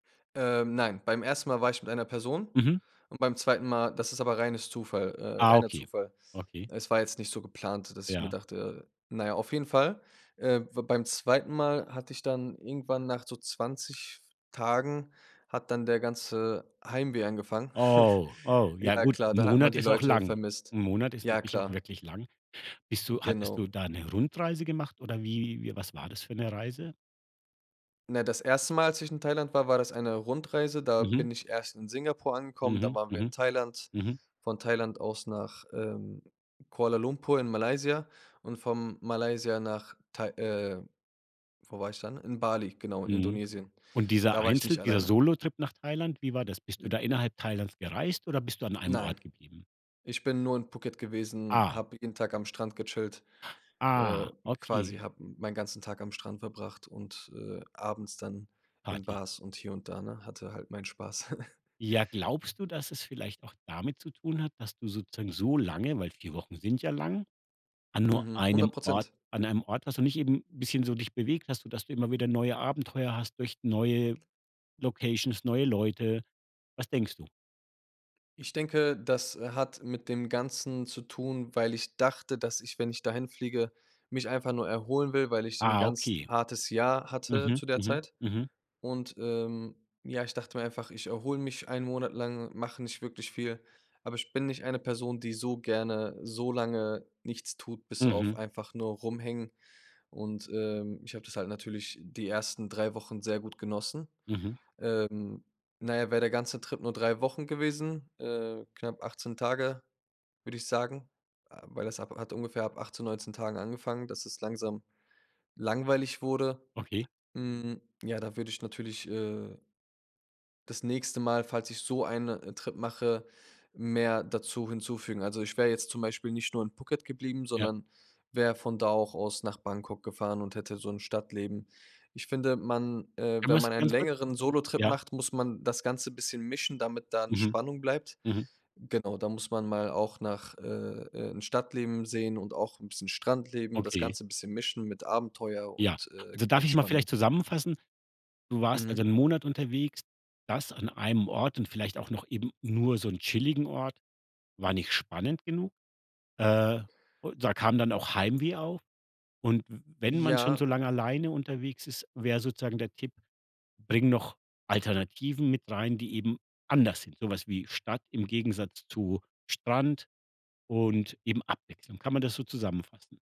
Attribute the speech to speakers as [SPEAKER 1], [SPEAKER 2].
[SPEAKER 1] Ähm, nein, beim 1. Mal war ich mit einer Person
[SPEAKER 2] Mhm.
[SPEAKER 1] und beim 2. Mal, das ist aber reines Zufall äh,
[SPEAKER 2] Ah,
[SPEAKER 1] reiner
[SPEAKER 2] okay.
[SPEAKER 1] Zufall.
[SPEAKER 2] Okay.
[SPEAKER 1] Es war jetzt nicht so geplant, dass ich mir
[SPEAKER 2] Ja.
[SPEAKER 1] dachte, äh na ja, auf jeden Fall, äh, war beim 2. Mal hatte ich dann irgendwann nach so 20 Tagen hat dann der ganze Heimweh angefangen.
[SPEAKER 2] Oh, oh, ja
[SPEAKER 1] Ja,
[SPEAKER 2] gut,
[SPEAKER 1] klar,
[SPEAKER 2] 'n
[SPEAKER 1] da hat man
[SPEAKER 2] Monat
[SPEAKER 1] die
[SPEAKER 2] ist auch
[SPEAKER 1] Leute
[SPEAKER 2] lang.
[SPEAKER 1] vermisst.
[SPEAKER 2] 'N Monat ist
[SPEAKER 1] Ja,
[SPEAKER 2] natürlich auch
[SPEAKER 1] klar.
[SPEAKER 2] wirklich lang. Bist du hattest
[SPEAKER 1] Genau.
[SPEAKER 2] du da 'ne Rundreise gemacht oder wie wie was war das für 'ne Reise?
[SPEAKER 1] Na, das 1. Mal, als ich in Thailand war, war das eine Rundreise. Da
[SPEAKER 2] Mhm.
[SPEAKER 1] bin ich erst in Singapur angekommen, dann
[SPEAKER 2] Mhm.
[SPEAKER 1] waren wir in
[SPEAKER 2] Mhm.
[SPEAKER 1] Thailand,
[SPEAKER 2] Mhm.
[SPEAKER 1] von Thailand aus nach, ähm, Kuala Lumpur in Malaysia und von Malaysia nach Thai äh, wo war ich dann? In Bali, genau, in
[SPEAKER 2] Mhm.
[SPEAKER 1] Indonesien.
[SPEAKER 2] Und dieser
[SPEAKER 1] Da war ich
[SPEAKER 2] Einzel
[SPEAKER 1] nicht
[SPEAKER 2] dieser
[SPEAKER 1] alleine.
[SPEAKER 2] Solotrip nach Thailand, wie war das? Bist du
[SPEAKER 1] Äh
[SPEAKER 2] da innerhalb Thailands gereist oder bist du an einem
[SPEAKER 1] Nein.
[SPEAKER 2] Ort geblieben?
[SPEAKER 1] Ich bin nur in Phuket gewesen,
[SPEAKER 2] Ah.
[SPEAKER 1] habe jeden Tag am Strand gechillt, äh
[SPEAKER 2] Ah,
[SPEAKER 1] quasi
[SPEAKER 2] okay.
[SPEAKER 1] habe meinen ganzen Tag am Strand verbracht und, äh, abends dann in
[SPEAKER 2] Party.
[SPEAKER 1] Bars und hier und da, ne, hatte halt meinen Spaß.
[SPEAKER 2] Ja, glaubst du, dass es vielleicht auch damit zu tun hat, dass du sozusagen so lange, weil 4 Wochen sind ja lang, an nur
[SPEAKER 1] Mhm. hundert
[SPEAKER 2] einem Ort
[SPEAKER 1] Prozent.
[SPEAKER 2] an einem Ort warst und nicht eben bisschen so dich bewegt hast, sodass du immer wieder neue Abenteuer hast durch neue Locations, neue Leute. Was denkst du?
[SPEAKER 1] Ich denke, das, äh, hat mit dem Ganzen zu tun, weil ich dachte, dass ich, wenn ich dahin fliege, mich einfach nur erholen will, weil ich 'n
[SPEAKER 2] Ah,
[SPEAKER 1] ganz
[SPEAKER 2] okay.
[SPEAKER 1] hartes Jahr hatte
[SPEAKER 2] Mhm.
[SPEAKER 1] zu der
[SPEAKER 2] Mhm.
[SPEAKER 1] Zeit.
[SPEAKER 2] Mhm.
[SPEAKER 1] Und, ähm, ja, ich dachte mir einfach: „Ich erhole mich 1 Monat lang, mache nicht wirklich viel.“ Aber ich bin nicht eine Person, die so gerne so lange nichts tut, bis auf
[SPEAKER 2] Mhm.
[SPEAKER 1] einfach nur rumhängen. Und, ähm, ich habe das halt natürlich die 1. 3 Wochen sehr gut genossen.
[SPEAKER 2] Mhm.
[SPEAKER 1] Ähm, na ja, wäre der ganze Trip nur 3 Wochen gewesen, äh, knapp 18 Tage, würde ich sagen äh, weil das ab hat ungefähr ab 18, 19 Tagen angefangen, dass es langsam langweilig wurde.
[SPEAKER 2] Okay.
[SPEAKER 1] Mhm, ja, da würde ich natürlich, äh das nächste Mal, falls ich so eine, äh, Trip mache, mehr dazu hinzufügen. Also, ich wäre jetzt zum Beispiel nicht nur in Phuket geblieben,
[SPEAKER 2] Ja.
[SPEAKER 1] sondern wäre von da auch aus nach Bangkok gefahren und hätte so 'n Stadtleben. Ich finde, man äh,
[SPEAKER 2] Um
[SPEAKER 1] wenn
[SPEAKER 2] was
[SPEAKER 1] man einen
[SPEAKER 2] ganz kurz
[SPEAKER 1] längeren Solotrip
[SPEAKER 2] ja?
[SPEAKER 1] macht, muss man das Ganze bisschen mischen, damit da 'ne
[SPEAKER 2] Mhm.
[SPEAKER 1] Spannung bleibt.
[SPEAKER 2] Mhm.
[SPEAKER 1] Genau, da muss man mal auch nach, äh, äh, 'n Stadtleben sehen und auch 'n bisschen Strandleben, das
[SPEAKER 2] Okay.
[SPEAKER 1] Ganze bisschen mischen mit Abenteuer
[SPEAKER 2] Ja.
[SPEAKER 1] und, äh, g
[SPEAKER 2] Also, darf ich's mal
[SPEAKER 1] Entspannung.
[SPEAKER 2] vielleicht zusammenfassen? Du warst also
[SPEAKER 1] Mhm.
[SPEAKER 2] 1 Monat unterwegs. Das an einem Ort und vielleicht auch noch eben nur so 'n chilligen Ort, war nicht spannend genug. Äh, u da kam dann auch Heimweh auf. Und w wenn man schon so
[SPEAKER 1] Ja.
[SPEAKER 2] lange alleine unterwegs ist, wäre sozusagen der Tipp: „Bring noch Alternativen mit rein, die eben anders sind. So was wie Stadt im Gegensatz zu Strand und eben Abwechslung.“ Kann man das so zusammenfassen?